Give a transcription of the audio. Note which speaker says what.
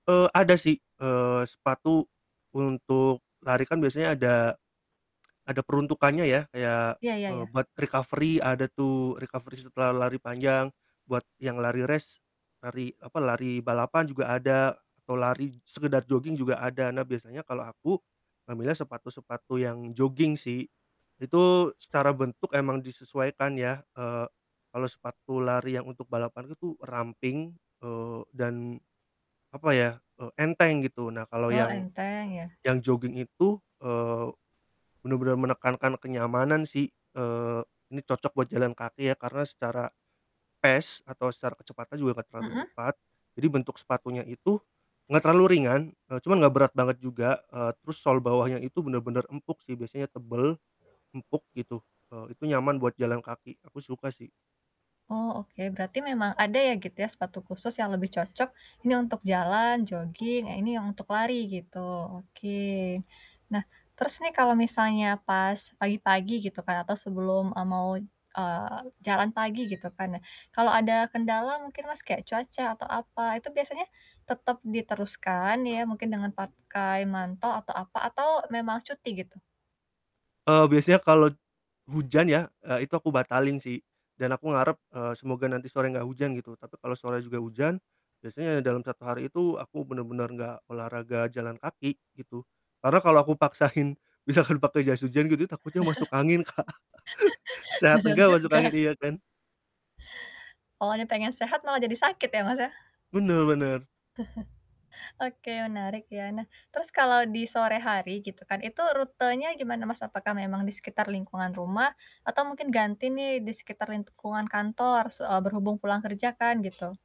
Speaker 1: Eee, ada sih, eee, sepatu untuk lari kan biasanya ada ada peruntukannya ya, kayak,
Speaker 2: Ya ya
Speaker 1: eee,
Speaker 2: ya.
Speaker 1: buat recovery ada tuh, recovery setelah lari panjang, buat yang lari race, lari apa, lari balapan juga ada, atau lari sekedar jogging juga ada, nah biasanya kalo aku, ngambilnya sepatu-sepatu yang jogging sih. Itu secara bentuk emang disesuaikan ya, eee, kalau sepatu lari yang untuk balapan itu ramping, eee, dan apa ya, eee, enteng gitu, nah kalau
Speaker 2: Oh
Speaker 1: yang
Speaker 2: enteng ya.
Speaker 1: yang jogging itu, eee, bener-bener menekankan kenyamanan sih, eee, ini cocok buat jalan kaki ya karena secara pace atau secara kecepatan juga enggak terlalu
Speaker 2: Mhm.
Speaker 1: cepat. Jadi bentuk sepatunya itu enggak terlalu ringan, eee, cuman enggak berat banget juga, eee, terus sol bawahnya itu bener-bener empuk sih, biasanya tebel, empuk gitu, eee, itu nyaman buat jalan kaki, aku suka sih.
Speaker 2: Oh oke, berarti memang ada ya gitu ya sepatu khusus yang lebih cocok ini untuk jalan, jogging, yang ini yang untuk lari gitu, oke. Nah terus nih kalau misalnya pas pagi-pagi gitu kan atau sebelum, eee, mau, eee, jalan pagi gitu kan nah, kalau ada kendala mungkin Mas kayak cuaca atau apa, itu biasanya tetep diteruskan ya mungkin dengan pakai mantel atau apa, atau memang cuti gitu?
Speaker 1: Eee, biasanya kalau t hujan ya, eee, itu aku batalin sih, dan aku ngarep, eee, semoga nanti sore enggak hujan gitu, tapi kalo sore juga hujan biasanya dalam 1 hari itu aku bener-bener enggak olahraga jalan kaki gitu. Karena kalo aku paksain misalkan pake jas hujan gitu takutnya masuk angin Kak, sehat
Speaker 2: Bener
Speaker 1: enggak masuk
Speaker 2: juga.
Speaker 1: angin, iya kan.
Speaker 2: Awalnya pengen sehat malah jadi sakit ya Mas ya.
Speaker 1: Bener bener.
Speaker 2: Oke menarik ya. Nah terus kalau di sore hari gitu kan, itu rutenya gimana Mas? Apakah memang di sekitar lingkungan rumah? Atau mungkin ganti nih di sekitar lingkungan kantor? Se eee, berhubung pulang kerja kan gitu.